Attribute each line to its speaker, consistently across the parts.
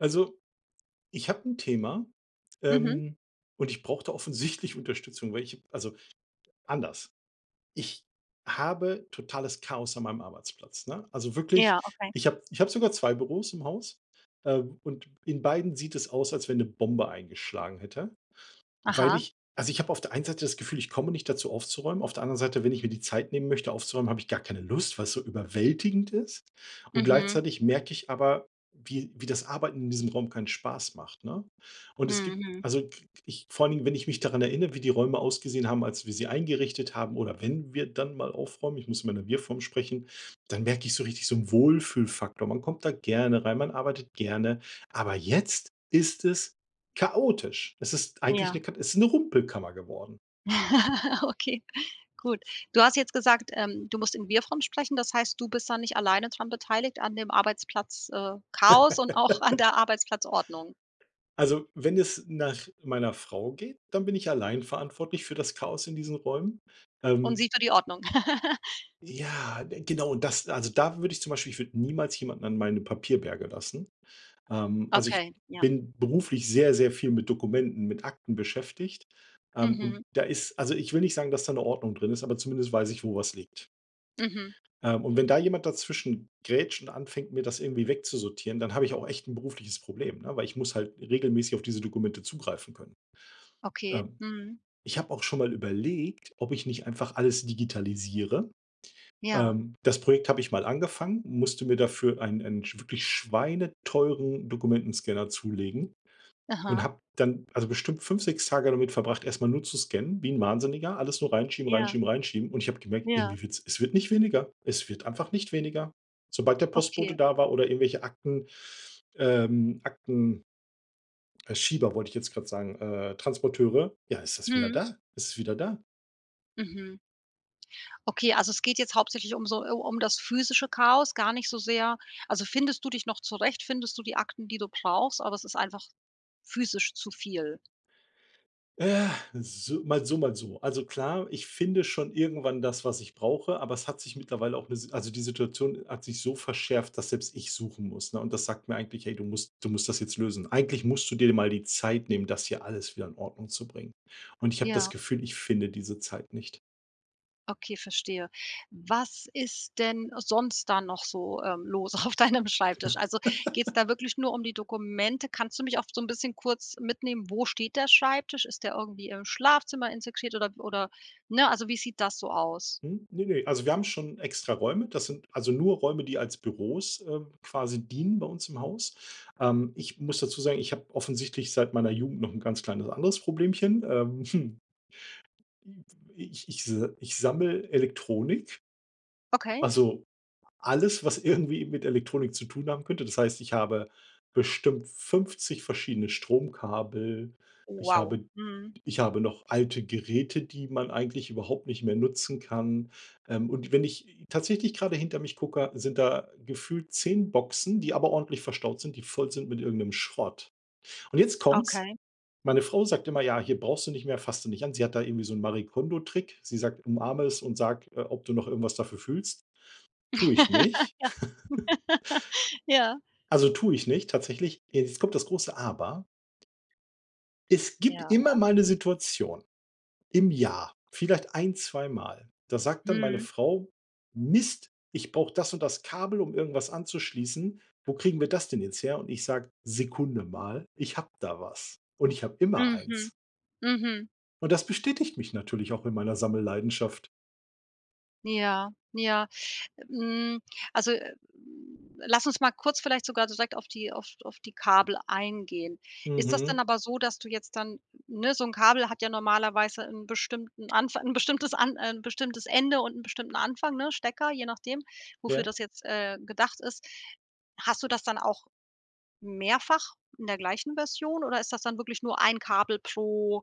Speaker 1: Also, ich habe 'n Thema,
Speaker 2: Mhm.
Speaker 1: ähm, und ich brauche da offensichtlich Unterstützung, weil ich also, anders ich habe totales Chaos an meinem Arbeitsplatz, ne? Also wirklich,
Speaker 2: Ja, okay.
Speaker 1: ich habe ich habe sogar 2 Büros im Haus, äh, und in beiden sieht es aus, als wenn 'ne Bombe eingeschlagen hätte, weil
Speaker 2: Aha.
Speaker 1: ich also ich habe auf der einen Seite das Gefühl, ich komme nicht dazu aufzuräumen, auf der anderen Seite, wenn ich mir die Zeit nehmen möchte aufzuräumen, habe ich gar keine Lust, weil's so überwältigend ist. Und
Speaker 2: Mhm.
Speaker 1: gleichzeitig merke ich aber, wie wie das Arbeiten in diesem Raum keinen Spaß macht, ne? Und es gibt
Speaker 2: Mhm.
Speaker 1: also k ich vor allen Dingen, wenn ich mich daran erinnere, wie die Räume ausgesehen haben, als wir sie eingerichtet haben, oder wenn wir dann mal aufräumen ich muss immer in der Wir-Form sprechen dann merke ich so richtig so 'n Wohlfühlfaktor. Man kommt da gerne rein, man arbeitet gerne, aber jetzt ist es chaotisch. Es ist eigentlich ne
Speaker 2: Ja.
Speaker 1: Kata es ist 'ne Rumpelkammer geworden.
Speaker 2: Okay, gut. Du hast jetzt gesagt, ähm, du musst in Wir-Form sprechen, das heißt, du bist da nicht alleine dran beteiligt an dem Arbeitsplatz, äh, Chaos und auch an der Arbeitsplatzordnung.
Speaker 1: Also wenn es nach meiner Frau geht, dann bin ich allein verantwortlich für das Chaos in diesen Räumen,
Speaker 2: Und
Speaker 1: ähm
Speaker 2: sie für die Ordnung.
Speaker 1: Ja, genau, und das also da würde ich zum Beispiel, ich würde niemals jemanden an meine Papierberge lassen, ähm. Also, ich
Speaker 2: Okay, ja.
Speaker 1: bin beruflich sehr sehr viel mit Dokumenten, mit Akten beschäftigt, ähm,
Speaker 2: Mhm.
Speaker 1: und da ist also ich will nicht sagen, dass da 'ne Ordnung drin ist, aber zumindest weiß ich, wo was liegt.
Speaker 2: Mhm.
Speaker 1: Ähm, und wenn da jemand dazwischen grätscht und anfängt, mir das irgendwie wegzusortieren, dann habe ich auch echt 'n berufliches Problem, ne, weil ich muss halt regelmäßig auf diese Dokumente zugreifen können.
Speaker 2: Okay,
Speaker 1: Ähm,
Speaker 2: mhm.
Speaker 1: ich habe auch schon mal überlegt, ob ich nicht einfach alles digitalisiere.
Speaker 2: Ja.
Speaker 1: Ähm, das Projekt habe ich mal angefangen, musste mir dafür einen einen schw wirklich schweineteuren Dokumentenscanner zulegen und
Speaker 2: Aha.
Speaker 1: habe dann also bestimmt 5, 6 Tage damit verbracht, erst mal nur zu scannen, wie 'n Wahnsinniger, alles nur reinschieben
Speaker 2: Ja.
Speaker 1: reinschieben reinschieben. Und ich habe gemerkt,
Speaker 2: Ja.
Speaker 1: irgendwie wird's es wird nicht weniger. Es wird einfach nicht weniger, sobald der
Speaker 2: Okay.
Speaker 1: Postbote da war oder irgendwelche Akten, ähm, Akten äh, Schieber wollte ich jetzt grad sagen äh, Transporteure. Ja, ist das wieder
Speaker 2: Mhm.
Speaker 1: da? Es ist wieder da?
Speaker 2: Mhm. Okay, also es geht jetzt hauptsächlich um so äh, um das physische Chaos, gar nicht so sehr. Also, findest du dich noch zurecht? Findest du die Akten, die du brauchst? Oder es ist einfach physisch zu viel?
Speaker 1: Äh, es i so mal so, mal so. Also klar, ich finde schon irgendwann das, was ich brauche, aber es hat sich mittlerweile auch 'ne S also die Situation hat sich so verschärft, dass selbst ich suchen muss, ne? Und das sagt mir eigentlich: „Ey, du musst du musst das jetzt lösen. Eigentlich musst du dir de mal die Zeit nehmen, das hier alles wieder in Ordnung zu bringen." Und ich habe das
Speaker 2: Ja.
Speaker 1: Gefühl, ich finde diese Zeit nicht.
Speaker 2: Okay, verstehe. Was ist denn sonst da noch so, äh, los auf deinem Schreibtisch? Also geht's da wirklich nur die Dokumente? Kannst du mich auch so 'n bisschen kurz mitnehmen? Wo steht der Schreibtisch? Ist der irgendwie im Schlafzimmer integriert oder w oder ne, also wie sieht das so aus?
Speaker 1: Mhm. Ne, ne, also wir haben schon extra Räume. Das sind also nur Räume, die als Büros, äh, quasi dienen bei uns im Haus. Ähm, ich muss dazu sagen, ich habe offensichtlich seit meiner Jugend noch 'n ganz kleines anderes Problemchen. Ähm, i ich ich s ich sammel Elektronik.
Speaker 2: Okay?
Speaker 1: Also alles, was irgendwie mit Elektronik zu tun haben könnte. Das heißt, ich habe bestimmt 50 verschiedene Stromkabel. Ich
Speaker 2: Wow.
Speaker 1: habe
Speaker 2: Mhm.
Speaker 1: ich habe noch alte Geräte, die man eigentlich überhaupt nicht mehr nutzen kann. Ähm, und wenn ich t tatsächlich gerade hinter mich gucke, sind da gefühlt 10 Boxen, die aber ordentlich verstaut sind, die voll sind mit irgendeinem Schrott. Und jetzt kommt's.
Speaker 2: Okay.
Speaker 1: Meine Frau sagt immer: „Ja, hier brauchst du nicht mehr, fasst du nicht an.“ Sie hat da irgendwie so 'n Marikono-Trick. Sie sagt: „Umarme es und sage, äh, ob du noch irgendwas dafür fühlst." Tue ich nicht.
Speaker 2: Ja.
Speaker 1: Also tue ich nicht tatsächlich. Jetzt kommt das große Aber. Es gibt
Speaker 2: Ja.
Speaker 1: immer mal 'ne Situation im Jahr vielleicht ein, zweimal, da sagt dann meine
Speaker 2: Mhm.
Speaker 1: Frau: „Mist, ich brauche das und das Kabel, um irgendwas anzuschließen. Wo kriegen wir das denn jetzt her?" Und ich sage: „Sekunde mal, ich habe da was." Und ich hab immer
Speaker 2: Mhm.
Speaker 1: eins.
Speaker 2: Mhm.
Speaker 1: Und das bestätigt mich natürlich auch in meiner Sammelleidenschaft.
Speaker 2: Ja, ja. Hm, also, lass uns mal kurz vielleicht sogar direkt auf die auf auf die Kabel eingehen. Ist das dann
Speaker 1: Mhm.
Speaker 2: aber so, dass du jetzt dann, ne so 'n Kabel hat ja normalerweise 'n bestimmten Anfa 'n bestimmtes an ein bestimmtes Ende und 'n bestimmten Anfang, ne? Stecker, je nachdem, wofür
Speaker 1: Ja.
Speaker 2: das jetzt, äh, gedacht ist. Hast du das dann auch mehrfach in der gleichen Version oder ist das dann wirklich nur ein Kabel pro,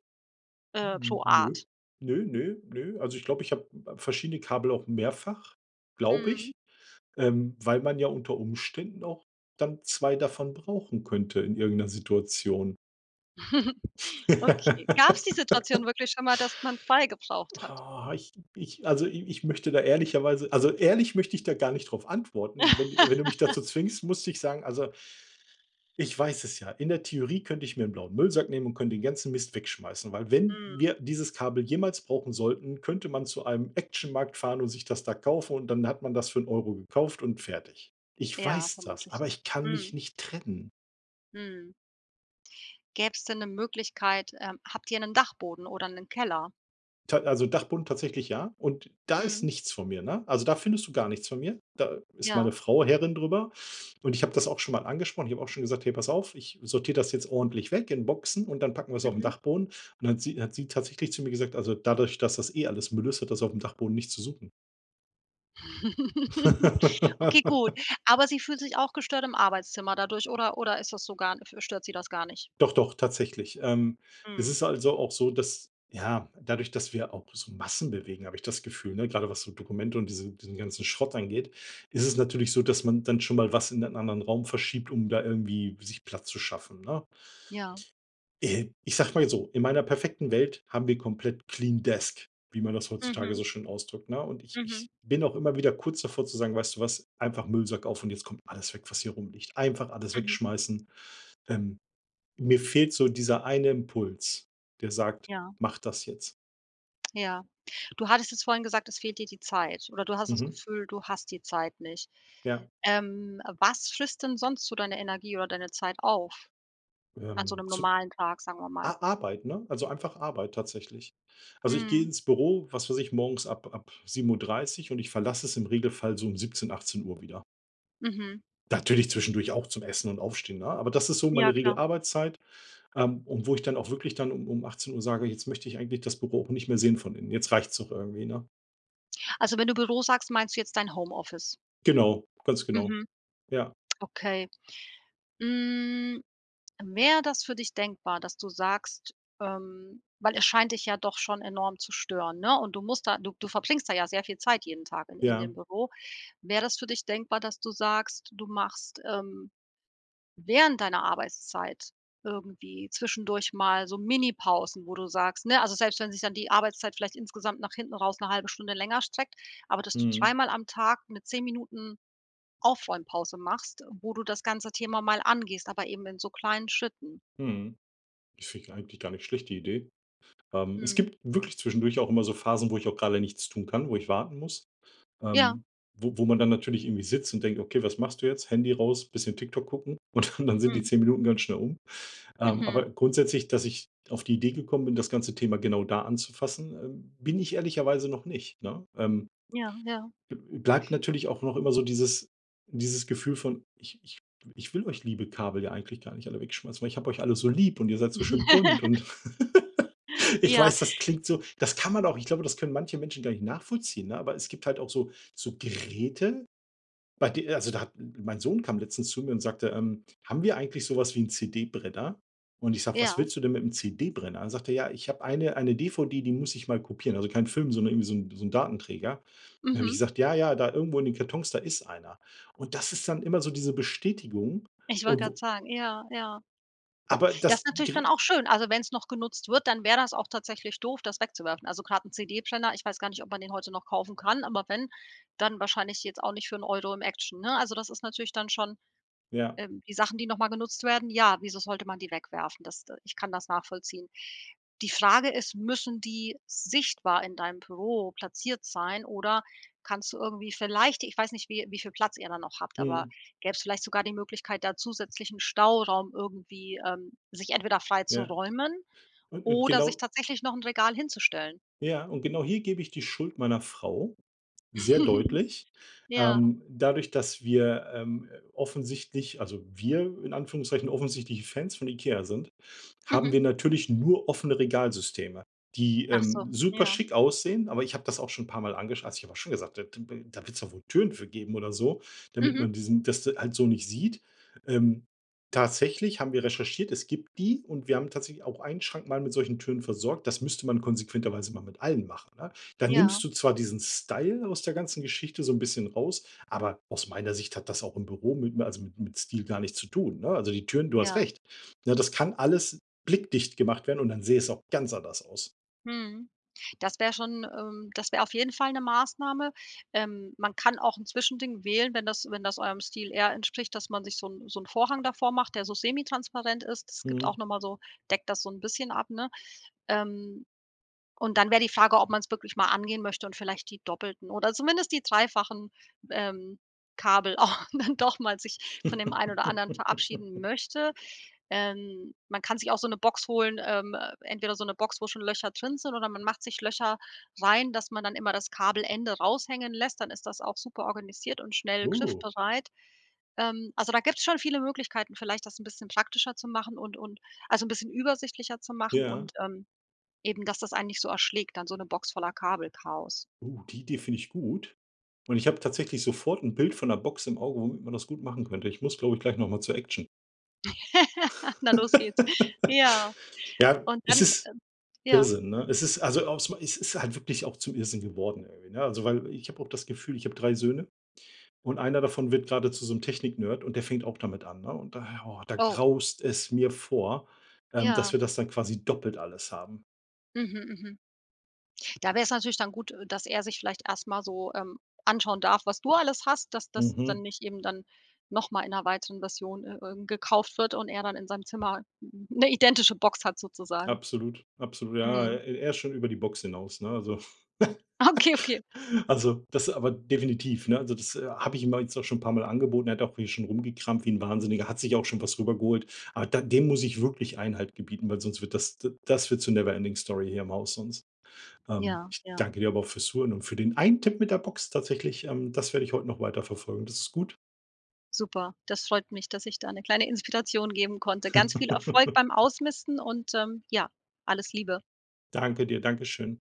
Speaker 2: äh
Speaker 1: Hm,
Speaker 2: pro
Speaker 1: nö.
Speaker 2: Art?
Speaker 1: Nö, nö, nö. Also, ich glaube, ich habe verschiedene Kabel auch mehrfach, glaube
Speaker 2: Mhm.
Speaker 1: ich. Ähm, weil man ja unter Umständen auch dann 2 davon brauchen könnte in irgend 'ner Situation.
Speaker 2: Okay, gab's die Situation wirklich schon mal, dass man zwei gebraucht hat?
Speaker 1: Oh, ich ich, also, i ich möchte da ehrlicherweise also, ehrlich möchte ich da gar nicht drauf antworten. I wenn wenn du mich dazu zwingst, muss ich sagen: „Also, ich weiß es ja“. In der Theorie könnte ich mir 'n blauen Müllsack nehmen und könnte den ganzen Mist wegschmeißen. Weil wenn
Speaker 2: Mhm.
Speaker 1: wir dieses Kabel jemals brauchen sollten, könnte man zu einem Actionmarkt fahren und sich das da kaufen und dann hat man das für 'n Euro gekauft und fertig. Ich
Speaker 2: Ja,
Speaker 1: weiß das,
Speaker 2: vermutlich
Speaker 1: aber
Speaker 2: ja.
Speaker 1: ich kann mich
Speaker 2: Mhm.
Speaker 1: nicht trennen.
Speaker 2: Mhm. Gäb's denn 'ne Möglichkeit, ähm, habt ihr 'nen Dachboden oder 'nen Keller?
Speaker 1: Ta also Dachboden tatsächlich, ja, und da ist
Speaker 2: Mhm.
Speaker 1: nichts von mir, ne? Also da findest du gar nichts von mir. Da ist meine
Speaker 2: Ja.
Speaker 1: Frau Herrin drüber und ich habe das auch schon mal angesprochen. Ich habe auch schon gesagt: „Hey, pass auf, ich sortiere das jetzt ordentlich weg in Boxen und dann packen wir's auf den
Speaker 2: Mhm.
Speaker 1: Dachboden“, und dann hat sie hat sie tatsächlich zu mir gesagt: „Also, dadurch, dass das eh alles Müll ist, hat das aufm Dachboden nicht zu suchen.“
Speaker 2: Okay gut, aber sie fühlt sich auch gestört im Arbeitszimmer dadurch oder oder ist das so gar n stört Sie das gar nicht?
Speaker 1: Doch doch, tatsächlich. Ähm, es
Speaker 2: Mhm.
Speaker 1: ist also auch so, dass ja, dadurch, dass wir auch so Massen bewegen, habe ich das Gefühl, ne? Gerade was so Dokumente und diesen diesen ganzen Schrott angeht, ist es natürlich so, dass man dann schon mal was in einen anderen Raum verschiebt, um da irgendwie sich Platz zu schaffen, ne?
Speaker 2: Ja.
Speaker 1: Äh, ich sage mal jetzt so, in meiner perfekten Welt haben wir komplett clean desk, wie man das heutzutage
Speaker 2: Mhm.
Speaker 1: so schön ausdrückt, ne? Und ich ich
Speaker 2: Mhm.
Speaker 1: bin auch immer wieder kurz davor, zu sagen: „Weißt du was, einfach Müllsack auf und jetzt kommt alles weg, was hier rumliegt.“ Einfach alles
Speaker 2: Mhm.
Speaker 1: wegschmeißen. Ähm, mir fehlt so dieser eine Impuls, der sagt,
Speaker 2: Ja.
Speaker 1: macht das jetzt.
Speaker 2: Ja, du hattest es vorhin gesagt, es fehlt dir die Zeit oder du hast das
Speaker 1: Mhm.
Speaker 2: Gefühl, du hast die Zeit nicht
Speaker 1: Ja.
Speaker 2: ähm, was frisst denn sonst so deine Energie oder deine Zeit auf an so
Speaker 1: Ähm,
Speaker 2: 'nem
Speaker 1: zu
Speaker 2: normalen Tag, sagen wir mal?
Speaker 1: A Arbeit, ne, also einfach Arbeit tatsächlich. Also, ich gehe
Speaker 2: Mhm.
Speaker 1: ins Büro, was weiß ich, morgens ab ab 7:30 und ich verlasse es im Regelfall so um 17:00, 18:00 wieder.
Speaker 2: Mhm.
Speaker 1: Natürlich zwischendurch auch zum Essen und Aufstehen, ne? Aber das ist so
Speaker 2: Ja,
Speaker 1: meine
Speaker 2: klar.
Speaker 1: Regelarbeitszeit, ähm, und wo ich dann auch wirklich dann um um 18:00 sage, jetzt möchte ich eigentlich das Büro auch nicht mehr sehen von Innen. Jetzt reicht's auch irgendwie, ne?
Speaker 2: Also, wenn du Büro sagst, meinst du jetzt dein Home-Office?
Speaker 1: Genau, ganz genau.
Speaker 2: Mhm.
Speaker 1: Ja.
Speaker 2: Okay, hm, wäre das für dich denkbar, dass du sagst ähm, weil es scheint dich ja doch schon enorm zu stören, ne, und du musst da, du du verbringst da ja sehr viel Zeit jeden Tag in in
Speaker 1: Ja.
Speaker 2: dem Büro. Wäre das für dich denkbar, dass du sagst, du machst, ähm, während deiner Arbeitszeit irgendwie zwischendurch mal so Mini-Pausen, wo du sagst ne, also selbst wenn sich dann die Arbeitszeit vielleicht insgesamt nach hinten raus 'ne 1/2 Stunde länger streckt, aber dass du
Speaker 1: Mhm.
Speaker 2: dreimal am Tag mit 10 Minuten Aufräumpause machst, wo du das ganze Thema mal angehst, aber eben in so kleinen Schritten?
Speaker 1: Mhm, ich finde die eigentlich gar nicht schlecht die Idee. Ähm, es
Speaker 2: Mhm.
Speaker 1: gibt wirklich zwischendurch auch immer so Phasen, wo ich auch gerade nichts tun kann, wo ich warten muss
Speaker 2: Ja.
Speaker 1: ähm, wo wo man dann natürlich irgendwie sitzt und denkt: „Okay, was machst du jetzt?“ Handy raus, bisschen TikTok gucken und dann dann sind die
Speaker 2: Mhm.
Speaker 1: 10 Minuten ganz schnell um. Ähm,
Speaker 2: Mhm.
Speaker 1: aber grundsätzlich, dass ich auf die Idee gekommen bin, das ganze Thema genau da anzufassen, ähm, bin ich ehrlicherweise noch nicht, ne? Ähm
Speaker 2: Ja, ja.
Speaker 1: b bleibt natürlich auch noch immer so dieses dieses Gefühl von: „Ich ich w ich will euch liebe Kabel ja eigentlich gar nicht alle wegschmeißen, weil ich habe euch alle so lieb und ihr seid so schön bunt!“ und ich
Speaker 2: Ja.
Speaker 1: weiß, das klingt so das kann man auch ich glaube, das können manche Menschen gar nicht nachvollziehen, ne, aber es gibt halt auch so so Geräte, bei de also da hat mein Sohn kam letztens zu mir und sagte: „Ähm, haben wir eigentlich sowas wie 'n CD-Brenner?“ Und ich sage: „Was
Speaker 2: Ja.
Speaker 1: willst du denn mit 'nem CD-Brenner?“ Dann sagte er: „Ja, ich habe eine eine DVD, die muss ich mal kopieren“. Also keinen Film, sondern irgendwie so 'n so 'n Datenträger. Dann habe ich
Speaker 2: Mhm.
Speaker 1: gesagt: „Ja, ja, da irgendwo in den Kartons, da ist einer.“ Und das ist dann immer so diese Bestätigung
Speaker 2: Ich wollte
Speaker 1: und wo
Speaker 2: grad sagen, ja, ja.
Speaker 1: aber
Speaker 2: Das
Speaker 1: das
Speaker 2: ist natürlich dann
Speaker 1: ger
Speaker 2: auch schön. Also, wenn's noch genutzt wird, dann wär das auch tatsächlich doof, das wegzuwerfen. Also grad 'n CD-Brenner, ich weiß gar nicht, ob man den heute noch kaufen kann, aber wenn, dann wahrscheinlich jetzt auch nicht für 'n Euro im Action, ne? Also das ist natürlich dann schon
Speaker 1: Ja.
Speaker 2: ähm, die Sachen, die noch mal genutzt werden, ja, wieso sollte man die wegwerfen? Das de ich kann das nachvollziehen. Die Frage ist, müssen die sichtbar in deinem Büro platziert sein oder kannst du irgendwie vielleicht, ich weiß nicht, wie wie viel Platz ihr da noch habt, aber
Speaker 1: Mhm.
Speaker 2: gäbe es vielleicht sogar die Möglichkeit, da zusätzlichen Stauraum irgendwie, ähm, sich entweder frei zu
Speaker 1: Ja
Speaker 2: räumen
Speaker 1: und und
Speaker 2: oder sich
Speaker 1: genau
Speaker 2: tatsächlich noch 'n Regal hinzustellen?
Speaker 1: Ja, und genau hier gebe ich die Schuld meiner Frau sehr deutlich.
Speaker 2: Ja.
Speaker 1: Ähm, dadurch, dass wir, ähm, offensichtlich, also wir in Anführungszeichen, offensichtlich Fans von Ikea sind, haben
Speaker 2: Mhm.
Speaker 1: wir natürlich nur offene Regalsysteme, die,
Speaker 2: Ach so,
Speaker 1: ähm, super
Speaker 2: ja.
Speaker 1: schick aussehen. Aber ich habe das auch schon 'n paar Mal angesch also ich habe auch schon gesagt, äh, t b da wird's doch wohl Türen für geben oder so, damit
Speaker 2: Mhm.
Speaker 1: man diesen das d halt so nicht sieht. Ähm, tatsächlich haben wir recherchiert, es gibt die und wir haben tatsächlich auch einen Schrank mal mit solchen Türen versorgt. Das müsste man konsequenterweise mal mit allen machen, ne? Dann
Speaker 2: Ja.
Speaker 1: nimmst du zwar diesen Style aus der ganzen Geschichte so 'n bisschen raus, aber aus meiner Sicht hat das auch im Büro mit m also mit mit Stil gar nichts zu tun, ne? Also die Türen du hast
Speaker 2: Ja.
Speaker 1: recht, ne? Das kann alles blickdicht gemacht werden und dann sähe es auch ganz anders aus.
Speaker 2: Mhm, das wäre schon, ähm, das wäre auf jeden Fall 'ne Maßnahme. Ähm, man kann auch 'n Zwischending wählen, wenn das wenn das eurem Stil eher entspricht, dass man sich so 'n so 'n Vorhang davor macht, der so semi-transparent ist. Das gibt
Speaker 1: Mhm.
Speaker 2: auch noch mal so deckt das so 'n bisschen ab, ne? Ähm, und dann wär die Frage, ob man's wirklich mal angehen möchte und vielleicht die doppelten oder zumindest die dreifachen, ähm, Kabel auch dann doch mal sich von dem einen oder anderen verabschieden möchte. Ähm, man kann sich auch so 'ne Box holen, ähm, entweder so 'ne Box, wo schon Löcher drin sind oder man macht sich Löcher rein dass man dann immer das Kabelende raushängen lässt, dann ist das auch super organisiert und schnell
Speaker 1: Oh.
Speaker 2: griffbereit. Ähm, also da gibt's schon viele Möglichkeiten, vielleicht das 'n bisschen praktischer zu machen und und also 'n bisschen übersichtlicher zu machen
Speaker 1: Ja.
Speaker 2: und ähm eben, dass das einen nicht so erschlägt, dann so 'ne Box voller Kabelchaos.
Speaker 1: Oh, die Idee finde ich gut und ich habe tatsächlich sofort 'n Bild von 'ner Box im Auge, womit man das gut machen könnte. Ich muss glaube ich gleich noch mal zur Action.
Speaker 2: Na los geht's. Ja.
Speaker 1: Ja,
Speaker 2: Und
Speaker 1: es
Speaker 2: dann,
Speaker 1: ist
Speaker 2: äh ja
Speaker 1: Irrsinn, ne? Es ist also aus ma es ist halt wirklich auch zum Irrsinn geworden irgendwie, ne? Also, weil ich habe auch das Gefühl, ich habe 3 Söhne, und einer davon wird gerade zu so einem Technik-Nerd und der fängt auch damit an, ne? Und da oh, da
Speaker 2: Oh.
Speaker 1: graust es mir vor, ähm, dass
Speaker 2: Ja.
Speaker 1: wir das dann quasi doppelt alles haben.
Speaker 2: Mhm, mhm. Da wär's natürlich dann gut, äh, dass er sich vielleicht erstmal so, ähm, anschauen darf, was du alles hast, dass das dann
Speaker 1: Mhm.
Speaker 2: nicht eben dann noch mal in 'ner weiteren Version, äh äh, gekauft wird und er dann in seinem Zimmer 'n 'ne identische Box hat sozusagen.
Speaker 1: Absolut, absolut. Ja,
Speaker 2: Mhm.
Speaker 1: e er ist schon über die Box hinaus, ne, also
Speaker 2: Okay, okay.
Speaker 1: also das aber definitiv, ne, also das, äh, habe ich ihm auch jetzt auch schon 'n paar Mal angeboten, er hat auch hier schon rumgekramt, wie 'n Wahnsinniger, hat sich auch schon was rübergeholt. Aber da dem muss ich wirklich Einhalt gebieten, weil sonst wird das, d das wird zur Never Ending Story hier im Haus sonst ähm,
Speaker 2: Ja,
Speaker 1: ich
Speaker 2: ja.
Speaker 1: danke dir aber auch fürs Zuhören und für den einen Tipp mit der Box tatsächlich, ähm, das werde ich heute noch weiter verfolgen. Das ist gut.
Speaker 2: Super, das freut mich, dass ich da 'ne kleine Inspiration geben konnte. Ganz viel Erfolg beim Ausmisten und, ähm, ja, alles Liebe.
Speaker 1: Danke dir. Dankeschön.